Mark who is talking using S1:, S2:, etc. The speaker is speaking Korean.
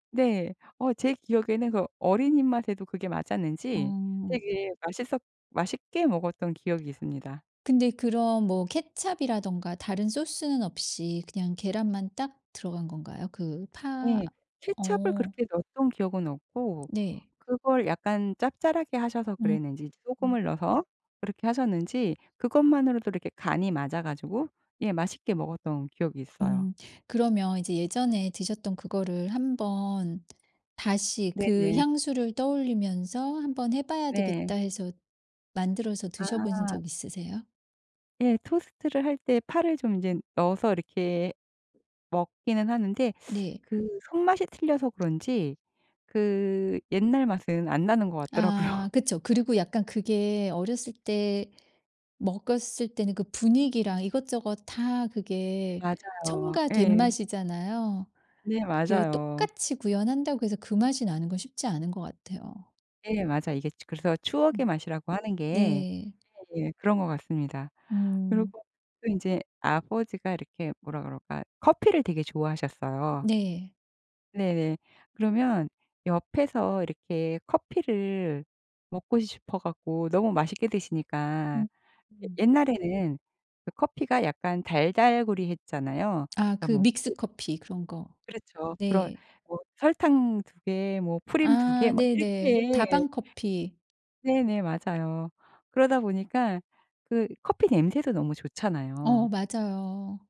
S1: 네. 어 제 기억에는 그 어린이 입맛에도 그게 맞았는지
S2: 어.
S1: 되게 맛있었 맛있게 먹었던 기억이 있습니다.
S2: 근데 그럼 뭐 케첩 이라던가 다른 소스는 없이 그냥 계란만 딱 들어간 건가요? 그 파
S1: 네. 케첩을
S2: 어.
S1: 그렇게 넣었던 기억은 없고
S2: 네.
S1: 그걸 약간 짭짤하게 하셔서
S2: 음
S1: 그랬는지
S2: 음.
S1: 소금을 넣어서 그렇게 하셨는지 그것만으로도 이렇게 간이 맞아 가지고 예 맛있게 먹었던 기억이 있어요.
S2: 음 그러면 이제 예전에 드셨던 그거를 한번 다시 그
S1: 네네.
S2: 향수를 떠올리면서 '한번 해봐야
S1: 네.
S2: 되겠다.' 해서 만들어서 드셔보신
S1: 아.
S2: 적 있으세요?
S1: 예. 토스트를 할 때 파를 좀 인제 넣어서 이렇게 먹기는 하는데
S2: 네.
S1: 그 손맛이 틀려서 그런지 그 옛날 맛은 안 나는 것
S2: 아
S1: 같더라고요.
S2: 그쵸. 그리고 약간 그게 어렸을 때 먹었을 때는 그 분위기랑 이것저것 다 그게
S1: 맞아요.
S2: 첨가된
S1: 예.
S2: 맛이잖아요.
S1: 네
S2: 그게
S1: 맞아요.
S2: 똑같이 구현한다고 해서 그 맛이 나는 건 쉽지 않은 것 같아요.
S1: 네. 맞아요. 이게 그래서
S2: 어.
S1: 추억의 맛이라고 하는 게
S2: 네.
S1: 예 그런 거 같습니다.
S2: 음.
S1: 그리고 또 인제 아버지가 이렇게 뭐라 그럴까 커피를 되게 좋아하셨어요.
S2: 네.
S1: 네네. 그러면 옆에서 이렇게 커피를 먹고 싶어 갖고 너무 맛있게 드시니까.
S2: 음
S1: 예
S2: 음.
S1: 옛날에는 커피가 약간 달달구리했잖아요.
S2: 아
S1: 그러니까
S2: 그
S1: 뭐 [unintelligible]
S2: 믹스커피 그런 거
S1: 그렇죠. 그런
S2: 네.
S1: 뭐 설탕 2 개, 뭐 프림 2 개
S2: 아
S1: 막
S2: 네네.
S1: 이렇게.
S2: 다방 커피.
S1: 네네. 맞아요. 그러다 보니까 그 커피 냄새도 너무
S2: 어
S1: 좋잖아요.
S2: 맞아요.